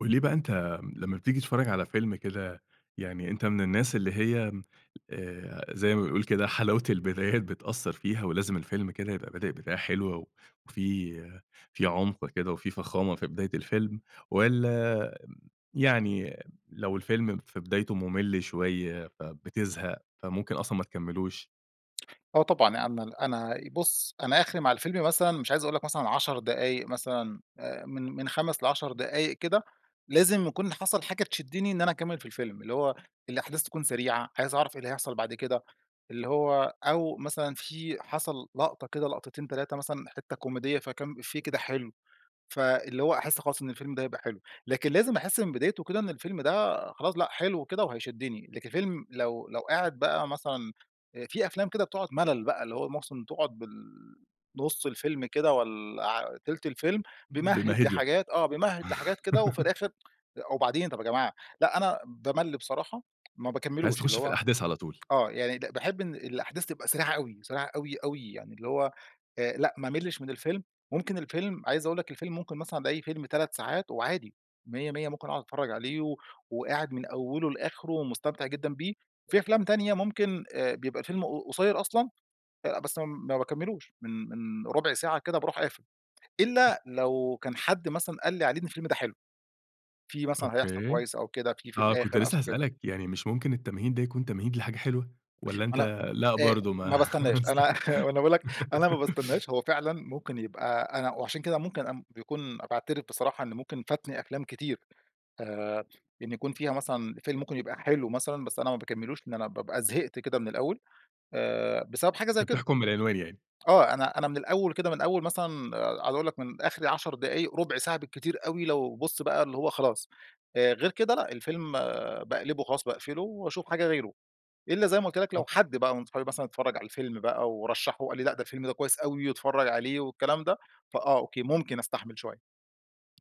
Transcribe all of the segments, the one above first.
قل لي بقى أنتَ لمّا بتيجي تتفرج على فيلم كده يعني أنتَ من الناس اللي هي آآ زي ما بيقول كده حلاوة البدايات بتأثَّر فيها ولازم الفيلم كده يبقى بادئ بداية حلوة و وفي في عُمق كده وفي فخامة في بداية الفيلم والّا يعني لو الفيلم في بدايته ممل شوية، فبتزهق فممكن أصلًا ما تكملوش؟ آه طبعًا أنا م أنا بُص أنا آخري مع الفيلم مثلًا مش عايز أقول لَك مثلًا 10 دقايق مثلًا آآ من من 5 ل10 دقايق كده، لازم يكون حصل حاجة تشدني إن أنا أكمل في الفيلم. اللي هو الأحداث تكون سريعة، عايز أعرف إيه اللي هيحصل بعد كده. اللي هو أو مثلًا في حصل لقطة كده لقطتين، 3 مثلًا حتّة كوميدية فكام إفيه كده حلو، فاللي هو أحس خلاص إن الفيلم ده هيبقى حلو. لكن لازم أحس من بدايته كده إن الفيلم ده خلاص لأ، حلو كده وهيشدني. لكن الفيلم لو لو قاعد بقى مثلًا آآ في أفلام كده بتقعد ملل بقى اللي هو مس تقعد بال نُص الفيلم كده والّا ع تِلت الفيلم بيمهد بيمهد لَك. لحاجات آه بيمهد لحاجات كده وفي الآخر أ وبعدين طب يا جماعة. لأ أنا بامل بصراحة ما أنت عايز باكملوش اللي تخش في هو الأحداث على طول؟ آه يعني ن باحب إن الأحداث تبقى سريعة أوي، سريعة أوي أوي يعني اللي هو، آآ، لأ ما املش من الفيلم، ممكن الفيلم عايز أقول لَك الفيلم ممكن مثلًا ألاقي فيلم 3 ساعات وعادي، ميَّة ميَّة ممكن أقعد أتفرّج عليه و وقاعد من أوله لآخره ومستمتع جدًا بيه، في أفلام تانية ممكن آآ بيبقى الفيلم ق قصيّر أصلًا، آآ بس ما باكملوش من من ربع ساعة كده باروح قافل. إلا لو كان حد مثلًا قال لي عليه إن الفيلم ده حلو. في مثلًا هيحصل أوكي، كويس أو كده في في آه كنت الآخر لسه [unintelligible] كده. هاسألك يعني مش ممكن التمهيد ده يكون تمهيد لحاجة حلوة؟ والّا ما أنتَ لأ، لأ آآ برضو ما ما باستناش أنا وأنا باقول لَك أنا ما [unintelligible] باستناش. هو فعلًا ممكن يبقى أنا وعشان كده ممكن أ بيكون باعترف بصراحة إن ممكن فاتني أفلام كتير. آآ إن يكون فيها مثلًا فيلم ممكن يبقى حلو مثلًا بس أنا ما باكملوش، لأن أنا بابقى زهقت كده من الأول. آآ بسبب حاجة أنتَ زي كده. بتحكم من العنوان يعني؟ آه أنا أنا من الأول كده من أول مثلًا عاوز أقول لَك من آخري 10 دقايق رُبع ساعة بالكتير أوي لو بُص بقى اللي هو خلاص، آآ غير كده لأ، الفيلم باقلبه خلاص، باقفله وأشوف حاجة غيره، إلا زي ما قُلت لَك لو أوك حد بقى من اصحابي مثلًا اتفرَّج على الفيلم بقى، ورشَّحه وقال لي: "لأ ده الفيلم ده كويس أوي، واتفرج عليه، والكلام ده" فآه، أوكي ممكن أستحمل شوية.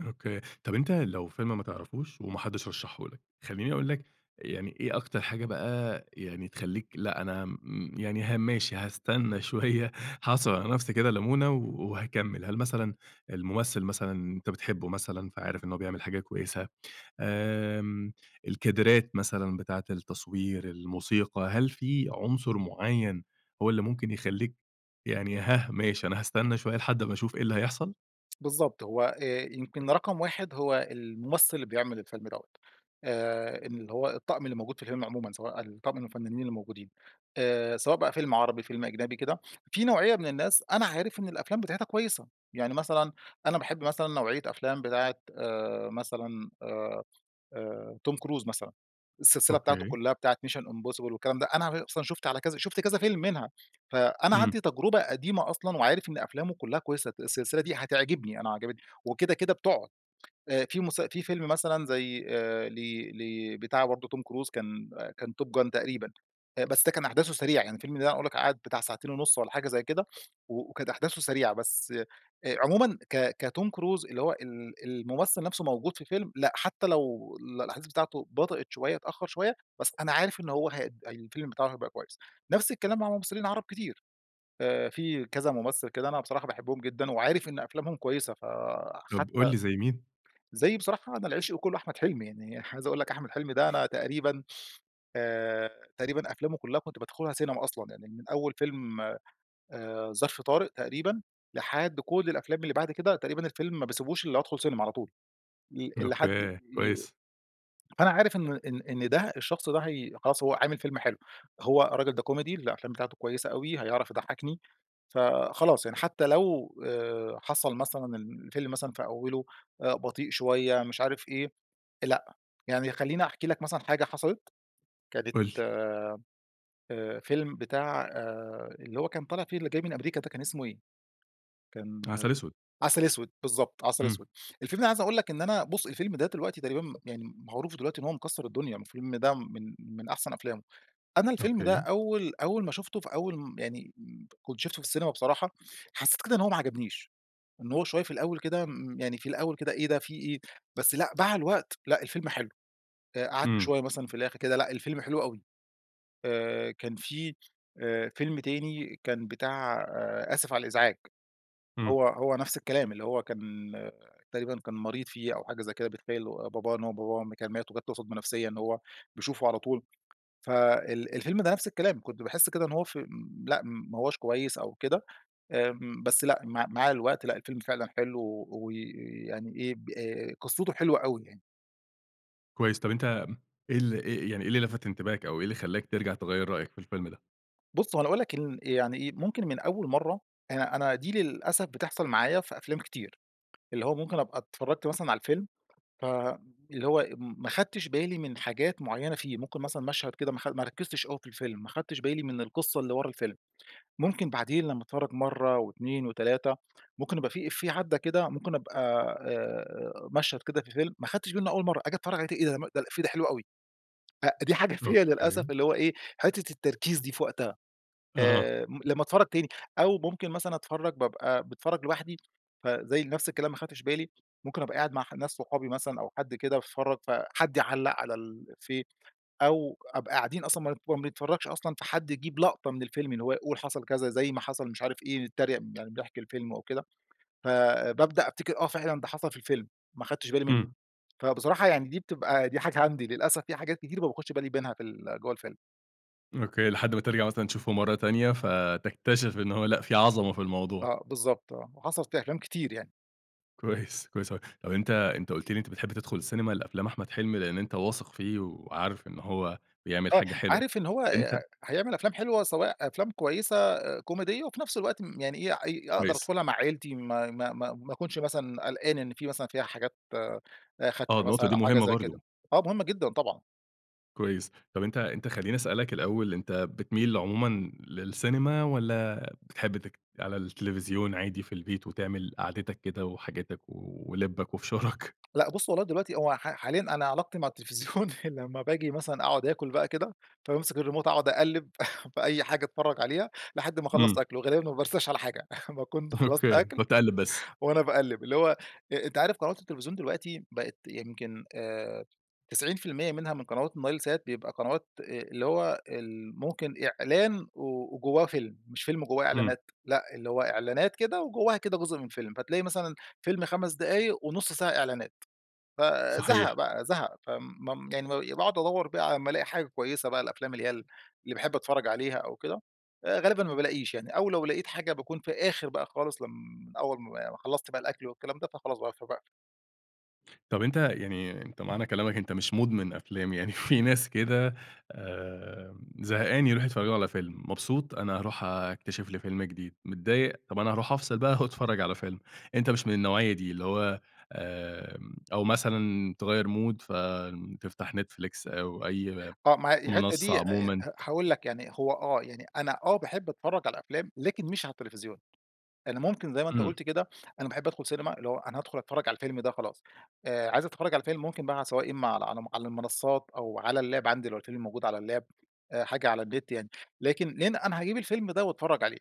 أوكي، طب أنت لو فيلم ما تعرفوش وما حدش رشحه لك، خلّيني أقول لك يعني إيه أكتر حاجة بقى يعني تخليك لأ أنا م يعني ها ماشي هاستنى شويّة هاعصر على نفسي كده لمونة وهاكمل، هل مثلًا الممثّل مثلًا أنت بتحبه مثلًا فعارف إنّه بيعمل حاجة كويّسة، آمم، الكادرات مثلًا بتاعة التصوير الموسيقى، هل في عنصر معيّن هو اللي ممكن يخليك يعني هاه ماشي أنا هاستنى شويّة لحد ما أشوف إيه اللي هيحصل؟ بالضبط، هو آآ، يمكن رقم 1 هو الممثّل اللي بيعمل الفيلم دوَّة، آآ، إن اللي هو الطقم اللي موجود في الفيلم عمومًا، سواء الطقم من الفنّانين الموجودين آآ، سواء بقى فيلم عربي فيلم أجنبي كده، في نوعية من الناس أنا عارف إن الأفلام بتاعتها كويّسة، يعني مثلًا أنا باحب مثلًا نوعية أفلام بتاعة آآ، مثلًا آآ آآ توم كروز مثلًا السلسلة بتاعته أوكي. كلّها بتاعة Mission impossible والكلام ده، أنا غ أصلًا شُفت على كذا شُفت كذا فيلم منها، فأنا إمم. عندي تجربة قديمة أصلًا وعارف إن أفلامه كلّها كويّسة، ت السلسلة دي هتعجبني أنا عجبتني، وكده كده بتقعد. آآ في مس في فيلم مثلًا زي آآ لي لي بتاع برضو توم كروز كان كان Top gun تقريبًا، آآ بس ده كان أحداثه سريعة يعني الفيلم ده أنا أقول لك قعد بتاع ساعتين ونص والّا حاجة زي كده وكانت أحداثه سريعة، بس آآ عمومًا ك كتوم كروز اللي هو ال الممثّل نفسه موجود في فيلم لأ، حتّى لو الأحداث بتاعته بطئت شويّة اتأخر شويّة بس أنا عارف إن هو هي الفيلم بتاعه هيبقى كويّس. نفس الكلام مع ممثّلين عرب كتير. آآ، في كذا ممثّل كده أنا بصراحة باحبهم جدًا وعارف إن أفلامهم كويّسة طب قل فحتّى لي زي مين؟ زي بصراحة أنا العشق كلّه أحمد حلمي، يعني عايز أقول لك أحمد حلمي ده أنا تقريبًا آآ، تقريبًا أفلامه كلّها كنت بادخلها سينما أصلًا، يعني من أوّل فيلم آآ، ظرف طارق تقريبًا، لحد كل الأفلام اللي بعد كده، تقريبًا الفيلم ما باسيبوش إلا أمّا أدخل سينما على طول ل لحد أوكي، ي كويس. فأنا عارف إن إن إن ده الشخص ده هي خلاص هو هيعمل فيلم حلو، هو الراجل ده كوميدي الأفلام بتاعته كويّسة أوي، هيعرف يضحكني فخلاص يعني حتّى لو آآ حصل مثلًا ال الفيلم مثلًا في أوله آآ بطيء شويّة مش عارف إيه، لأ، يعني خلّيني أحكِ لك مثلًا حاجة حصلت، كانت قل لي. آآ، فيلم بتاع آآ، اللي هو كان طالع فيه اللي جاي من أمريكا ده كان اسمه إيه؟ كان عسل اسود. عسل أسود، بالضبط، عسل إمم. أسود، الفيلم ده أنا عايز أقول لك إن أنا بُص الفيلم ده دلوقتي تقريبًا مم يعني معروف دلوقتي إن هو مكسر الدنيا، الفيلم ده من من أحسن أفلامه أنا الفيلم ده أوكي. أوّل أوّل ما شُفته في أوّل م يعني كنت شُفته في السينما بصراحة، حسّيت كده إن هو ما عجبنيش إن هو شويّة في الأوّل كده م يعني في الأوّل كده إيه ده في إيه، بس لأ، مع الوقت لأ الفيلم حلو، قعدت إمم. شويّة مثلًا في الآخر كده لأ الفيلم حلو أوي. آآ، كان في آآ فيلم تاني كان بتاع آسف على الإزعاج إمم. هو هو نفس الكلام اللي هو كان تقريبًا كان مريض فيه أو حاجة زي كده بيتخيل باباه، إن هو باباه م كان مات وجت له صدمة نفسيّة إن هو بيشوفه على طول فال الفيلم ده نفس الكلام كنت باحس كده إن هو في لأ ما هوَّاش كويّس أو كده، آمم بس لأ مع مع الوقت لأ الفيلم فعلًا حلو، و ويعني إيه ب آآ قصته حلوة أوي يعني. كويس طب أنتَ م إيه ال إيه يعني إيه اللي لفت انتباهك أو إيه اللي خلَّاك ترجع تغيَّر رأيك في الفيلم ده؟ بص هو أنا هاقول لَك إن يعني إيه ممكن من أول مرّة أنا أنا دي للأسف بتحصل معايا في أفلام كتير. اللي هو ممكن أبقى اتفرجت مثلًا على الفيلم، فاللي هو م ما خدتش بالي من حاجات معينة فيه، ممكن مثلًا مشهد كده ماخد ما ركزتش أوي في الفيلم، ما خدتش بالي من القصة اللي ورا الفيلم. ممكن بعدين لما أتفرج مرّة و2 و3 ممكن يبقى في إفيه عدَّى كده ممكن أبقى آآ مشهد كده في فيلم ما خدتش بالي منه أول مرّة أجي أتفرج عليه تاني إيه ده؟ م ده الإفيه ده حلو أوي. أ دي حاجة فيَّ للأسف أوكي. اللي هو إيه حتة التركيز دي في وقتها، آه. آآ م لما أتفرج تاني أو ممكن مثلًا أتفرج بابقى باتفرج لوحدي، فزي نفس الكلام ما خدتش بالي، ممكن أبقى قاعد مع ح ناس صحابي مثلًا أو حد كده باتفرج، فحد يعلق على الإفيه أو أبقى قاعدين أصلًا ما ن ما بنتفرجش أصلًا فحد يجيب لقطة من الفيلم، اللي هو يقول حصل كذا زي ما حصل مش عارف إيه، نتتريق يعني بنحكي الفيلم أو كده فبابدأ أفتكر آه فعلًا ده حصل في الفيلم، ما خدتش بالي منه، امم. فبصراحة يعني دي بتبقى دي حاجة عندي للأسف في حاجات كتير ما باخدش بالي منها في ال جوّه الفيلم. أوكي لحد ما ترجع مثلًا تشوفه مرّة تانية، فتكتشف إن هو لأ، في عظمة في الموضوع. آه بالضبط آه وحصلت في أفلام كتير يعني. كويس، كويس أوي. طب أنتَ أنتَ قُلت لي إن أنتَ بتحب تدخل السينيما لأفلام أحمد حلمي، لأن أنتَ واثق فيه وعارف إن هو بيعمل آه، حاجة حلوة عارف إن هو آآ أنتَ هيعمل أفلام حلوة سواء أفلام كويسة كوميدية، وفي نفس الوقت م يعني إيه اي أقدر كويس. أدخلها مع عيلتي ما ما ما ما أكونش مثلًا قلقان إن في مثلًا فيها حاجات آآ آه خادشة النقطة مثلًا دي أو حاجة مهمة زي كده، برضو. آه مهم جدًا طبعًا. كويس طب أنتَ أنتَ خلّيني أسألك الأول أنتَ بتميل عمومًا للسينما والّا بتحب تك على التليفزيون عادي في البيت وتعمل قعدتك كده وحاجاتك و ولبك وفشارك؟ لأ بُص والله دلوقتي هو ح حاليًا أنا علاقتي مع التلفزيون لمّا باجي مثلًا أقعد أكل بقى كده، فبامسك الريموت أقعد أقلب فأي حاجة اتفرّج عليها، لحد ما أخلص امم. أكل وغالبًا ما بارساش على حاجة ما كنت خلصت أوكي، أكل بتقعد تقلب بس. وأنا باقلب اللي هو أ أنتَ عارف قنوات التلفزيون دلوقتي بقت يمكن آآ 90% منها من قنوات النايل سات بيبقى قنوات آآ اللي هو ال ممكن إعلان و وجواه فيلم، مش فيلم وجواه امم. إعلانات لأ، اللي هو إعلانات كده وجواها كده جزء من فيلم. فتلاقي مثلًا فيلم 5 دقايق، ونص ساعة إعلانات. فزهق صحيح. بقى زهق، ف م يعني ب باقعد أدوَّر بقى على أمّا الاقي حاجة كويسة بقى الأفلام اللي هي ال اللي باحب أتفرّج عليها أو كده، آآ، غالبًا ما بالاقيش يعني أو لو لاقيت حاجة باكون في آخر بقى خالص لم من أول ما ما خلصت بقى الأكل والكلام ده، فخلاص بقى فباقفل. طب أنتَ يعني أنتَ معنى كلامك أنتَ مش مدمن أفلام يعني في ناس كده آآ، زهقان يروحوا يتفرجوا على فيلم، مبسوط أنا هاروح أكتشف لي فيلم جديد، متضايق طب أنا هاروح أفصل بقى وأتفرّج على فيلم. أنتَ مش من النوعية دي اللي هو آآ، أو مثلًا تغيَّر mood فتفتح Netflix أو أي آه، ما هي الحتّة منصّة دي، آآ عمومًا. ه هاقول لَك يعني، هو آه، يعني أنا آه باحب أتفرّج على الأفلام لكن مش على التليفزيون، لإن ممكن زي ما أنتَ امم. قلت كده أنا باحب أدخل سينما، اللي هو أنا هادخل أتفرّج على الفيلم ده خلاص، آآ، عايز أتفرّج على الفيلم ممكن بقى سواء إما على على على المنصات أو على اللاب عندي لو الفيلم موجود على اللاب آآ حاجة على النت، يعني لكن لأن أنا هاجيب الفيلم ده وأتفرّج عليه،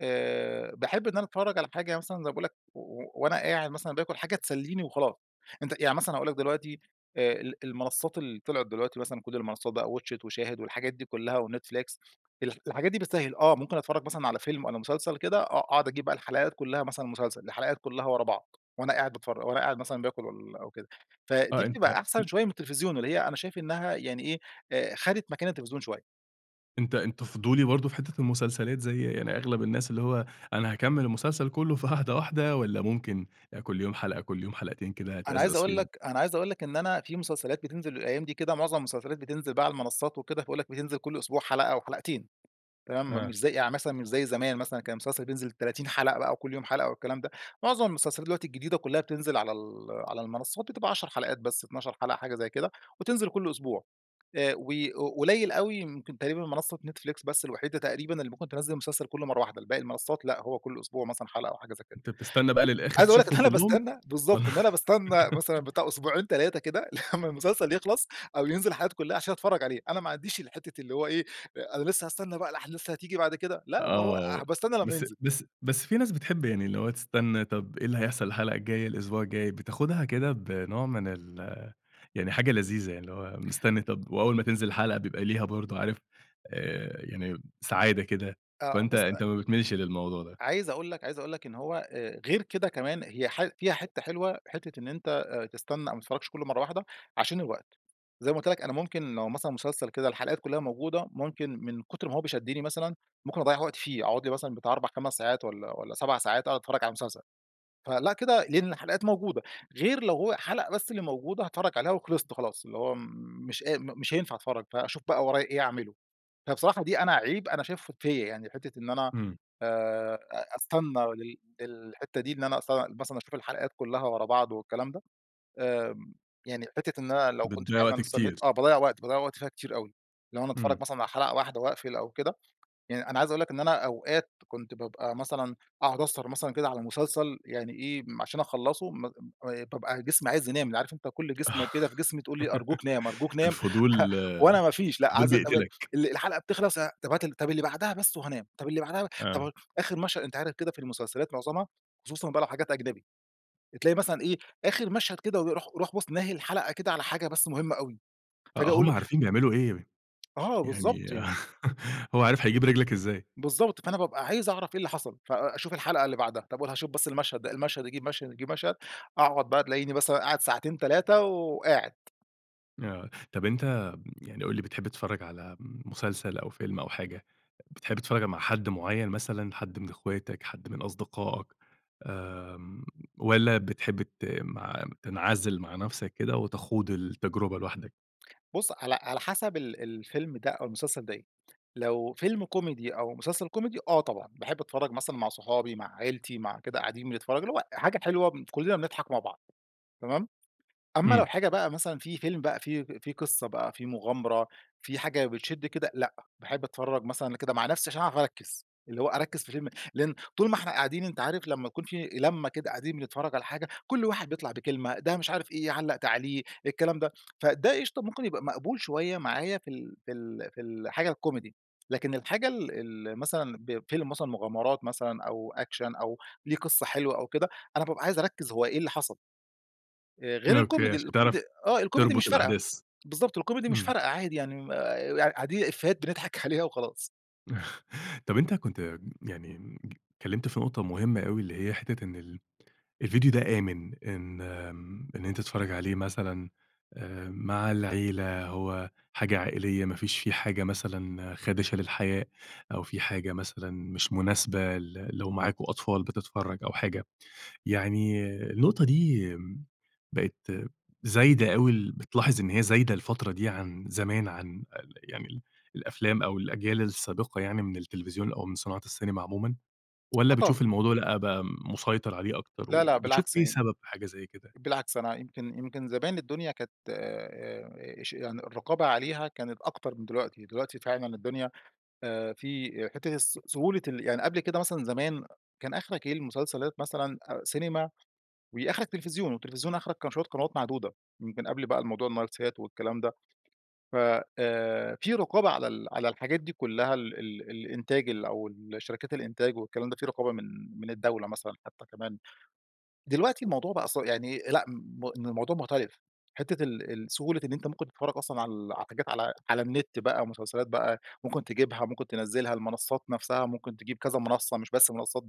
آآ، باحب إن أنا أتفرّج على حاجة مثلًا زي ما باقول لَك وأنا قاعد مثلًا باكل حاجة تسليني وخلاص، أنتَ يعني مثلًا هاقول لَك دلوقتي آآ ال المنصات اللي طلعت دلوقتي مثلًا كل المنصات بقى watch it وشاهد والحاجات دي كلّها وNetflix، ال الحاجات دي بتسهل آه، ممكن أتفرّج مثلًا على فيلم والّا مسلسل كده آه، أقعد أجيب بقى الحلقات كلّها مثلًا مسلسل الحلقات كلّها ورا بعض وأنا قاعد باتفرج، وأنا قاعد مثلًا باكل والاَّ وكده، آه فدي أنتَ بتبقى أن أحسن شويّة من التلفزيون، اللي هي أنا شايف إنّها يعني إيه خدت مكان التلفزيون شويّة. أنت أنت فضولي برضه في حتة المسلسلات؟ زي يعني أغلب الناس اللي هو، أنا هاكمل المسلسل كله في قعدة واحدة والّا ممكن كل يوم حلقة كل يوم حلقتين كده أنا عايز تأزأز أقول فيهم؟ لك أنا عايز أقول لك إن أنا في مسلسلات بتنزل الأيام دي كده، معظم المسلسلات بتنزل بقى على المنصات وكده، باقول لك بتنزل كل أسبوع حلقة أو حلقتين، تمام، م آه. مش زي يعني مثلًا مش زي زمان مثلًا كان المسلسل بينزل 30 حلقة بقى وكل يوم حلقة والكلام ده. معظم المسلسلات دلوقتي الجديدة كلها بتنزل على ال على المنصات بتبقى 10 حلقات بس، 12 حلقة، حاجة زي كده، وتنزل كل أسبوع. آآ و ق قليل أوي ممكن تقريبًا منصة Netflix بس الوحيدة تقريبًا اللي ممكن تنزِّل المسلسل كله مرة واحدة، الباقي المنصات، لأ هو كل أسبوع مثلًا حلقة أو حاجة زي كده. أنت بتستنى بقى للآخر عايز أقول لك إن تشوفهم إن أنا كلهم؟ باستنى بالضبط، والّا إن أنا باستنى مثلًا بتاع أسبوعين 3 كده لمّا المسلسل يخلص أو ينزل حلقاته كلها عشان أتفرج عليه، أنا ما عنديش الحتة اللي هو إيه أ أنا لسه هاستنى بقى الأحداث اللي هتيجي بعد كده، لأ ما هو آه، هابقى استنى لمّا بس ينزل. بس بس في ناس بتحب يعني اللي هو تستنى، طب إيه اللي هيحصل الحلقة الجاية، الأسبوع الجاي، بتاخدها كده بنوع من ال يعني حاجة لذيذة يعني اللي هو مستني طب وأول ما تنزل الحلقة بيبقى ليها برضه عارف آآ يعني سعادة كده. آه فأنت بُص أ أ أنت ما بتميلش للموضوع ده. عايز أقول لك عايز أقول لك إن هو آآ غير كده كمان، هي ح فيها حتة حلوة، حتة إن أنت آآ تستنى أو ما تتفرجش كله مرة واحدة عشان الوقت. زي ما قُلت لك أنا ممكن لو مثلًا مسلسل كده الحلقات كلها موجودة، ممكن من كتر ما هو ب شدني مثلًا، ممكن أضَّيع وقتي فيه، أقعد لي مثلًا بتاع 4،5 ساعات والّا والّا 7 ساعات أقعد أتفرج على المسلسل. فلأ كده لإن الحلقات موجودة، غير لو هو حلقة بس اللي موجودة هاتفرج عليها وخلصت خلاص اللي هو مش قا م مش هينفع أتفرج، فأشوف بقى ورايا إيه أعمله. فبصراحة دي أنا عيب أنا شايفه فيَّ يعني حتة إن أنا إمم. آآ أ أستنى لل للحتة دي إن أنا أستنى مثلًا أشوف الحلقات كلها ورا بعض والكلام ده، آمم، يعني حتة إن أنا لو كنت بتضَّيع فعلًا وقت استنيت آه كتير. باضَّيع وقت، باضَّيع وقت فيها كتير أوي. لو أنا إمم. اتفرج مثلًا على حلقة واحدة واقفل أو كده، يعني أنا عايز أقول لك إن أنا أوقات كنت بابقى مثلًا أقعد أسهر مثلًا كده على مسلسل يعني إيه م عشان أخلصه م آآ طب أنا جسمي عايز ينام، اللي عارف أنت كل جسمة كده في جسمي تقول لي أرجوك نام أرجوك نام الفضول، وأنا ما فيش لأ، الفضول عايز [unintelligible] بيقتلك. ال الحلقة بتخلص، ه طب هات ال طب اللي بعدها بس وهانام، طب اللي بعدها آه. طب آخر مشهد أنت عارف كده في المسلسلات معظمها، خصوصًا بقى لو حاجات أجنبي، تلاقي مثلًا إيه، آخر مشهد كده و يروح يروح بُص ناهي الحلقة كده على حاجة بس مهمة أوي، آه، فاجي هم أقول عارفين بيعملوا إيه. آه يعني بالضبط يعني. هو عارف هيجيب رجلك إزاي. بالضبط فأنا بابقى عايز أعرف إيه اللي حصل، فأ أشوف الحلقة اللي بعدها، طب وهاشوف بس المشهد ده، المشهد يجيب مشهد يجيب مشهد، أقعد بقى تلاقيني مثلًا قاعد ساعتين 3 وقاعد. آه، طب أنت يعني قُل لي بتحب تتفرّج على مسلسل أو فيلم أو حاجة، بتحب تتفرّج مع حد معيّن مثلًا حد من اخواتك حد من أصدقائك؟ آمم، والّا بتحب ت م تنعزل مع نفسك كده وتخوض التجربة لوحدك؟ بُص، على على حسب ال الفيلم ده أو المسلسل ده إيه، لو فيلم كوميدي أو مسلسل كوميدي آه، طبعًا باحب أتفرّج مثلًا مع صحابي مع عيلتي مع كده قاعدين بنتفرج اللي هو حاجة حلوة كلنا بنضحك مع بعض. تمام؟ أما لو امم. حاجة بقى مثلًا في فيلم بقى في فيه قصّة بقى فيه مغامرة في حاجة بتشد كده، لأ، باحب أتفرّج مثلًا كده مع نفسي عشان أعرف أركز، اللي هو أركز في الفيلم، لأن طول ما إحنا قاعدين أنت عارف لمّا يكون في لمة كده قاعدين بنتفرج على حاجة كل واحد بيطلع بكلمة، ده مش عارف إيه علَّق تعليق، الكلام ده، فده إشطا ممكن يبقى مقبول شويّة معايا في ال في ال في ال الحاجة الكوميدي، لكن الحاجة ال ال مثلًا بفيلم مثلًا مغامرات مثلًا أو أكشن أو ليه قصّة حلوة أو كده، أنا بابقى عايز أركز هو إيه اللي حصل. آآ غير أوكي، الكوميدي، عشان الكوميدي تعرف آه، الكوميدي مش تربط فارقة. الأحداث. بالضبط، الكوميدي مش إمم. فارقة، عادي يعني آآ، قاع قاعدين إيفيهات بنضحك عليها وخلاص. طب أنت كنت يعني اتكلّمت في نقطة مهمّة أوي اللي هي حتّة إن ال الڤيديو ده آمن، إن إن أنت تتفرّج عليه مثلًا مع العيلة هو حاجة عائليّة ما فيش فيه حاجة مثلًا خادشة للحياء أو فيه حاجة مثلًا مش مناسبة ل لو معاكم أطفال بتتفرج أو حاجة، يعني النقطة دي، بقت زايدة أوي، بتلاحظ إن هي زايدة الفترة دي عن زمان عن يعني ال الأفلام أو الأجيال السابقة يعني من التلفزيون أو من صناعة السينما عمومًا، والّا آه طبعًا. بتشوف الموضوع لأ بقى مسيطر عليه أكتر، لا لأ، وبتشوف بالعكس إيه يعني، سبب حاجة زي كده؟ بالعكس أنا يمكن يمكن زمان الدنيا كانت اش يعني الرقابة عليها كانت أكتر من دلوقتي، دلوقتي فعلًا الدنيا في حتّة الس سهولة ال يعني قبل كده مثلًا زمان كان آخرك إيه المسلسلات مثلًا سينما وآخرك تلفزيون، والتلفزيون آخرك كان شويّة قنوات معدودة، من قبل بقى الموضوع النايل سات والكلام ده ف آآ، في رقابة على ال على الحاجات دي كلّها ال ال الإنتاج أو الشركات الإنتاج والكلام ده، في رقابة من من الدولة مثلًا حتّى كمان، دلوقتي الموضوع بقى ص يعني لأ ،إن الموضوع مختلف حتّة ال ال سهولة إن أنت ممكن تتفرّج أصلًا على حاجات على على النت بقى مسلسلات بقى ممكن تجيبها ممكن تنزلها، المنصات نفسها ممكن تجيب كذا منصّة مش بس منصات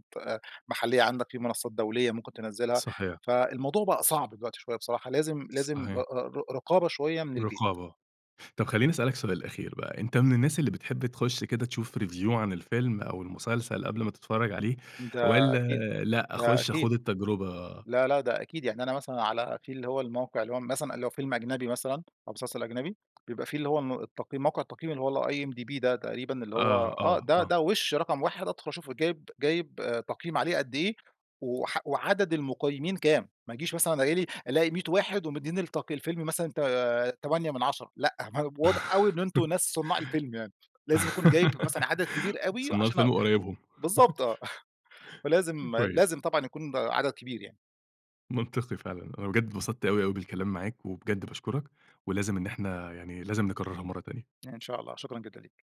محلية عندك، في منصات دولية ممكن تنزلها، صحيح. فالموضوع بقى صعب دلوقتي شويّة بصراحة لازم لازم صحيح. ر رقابة شويّة من البيت. رقابة، طب خلّيني أسأل لك سؤال أخير بقى، أنت من الناس اللي بتحب تخش كده تشوف review عن الفيلم أو المسلسل قبل ما تتفرّج عليه، ده والّا أكيد، لأ ده أخش أكيد. أخوض التجربة؟ لا لأ، ده أكيد يعني أنا مثلًا على في اللي هو الموقع اللي هو مثلًا اللي هو فيلم أجنبي مثلًا أو مسلسل أجنبي بيبقى في اللي هو ال التقييم موقع التقييم اللي هو IMDB ده تقريبًا، اللي هو آه، آه، آه، ده آه. ده وش رقم واحد أدخل أشوفه جايب جايب تقييم عليه قد إيه وح وعدد المقيمين كام، ما ييجيش مثلًا الاق ألاقي 100 واحد ومديين التقي الفيلم مثلًا ت تمانية من 10 لأ، واضح أوي إن أنتم ناس صناع الفيلم يعني، لازم يكون جايب مثلًا عدد كبير أوي صناع عشان الفيلم اق وقرايبهم. بالضبط آه، فلازم كويس. لازم طبعًا يكون عدد كبير يعني. منطقي فعلًا، أنا بجد اتبسطت أوي، أوي بالكلام معاك، وبجد باشكرك، ولازم إن إحنا يعني لازم نكررها مرّة تانية. إن شاء الله. شكرًا جدًا ليك.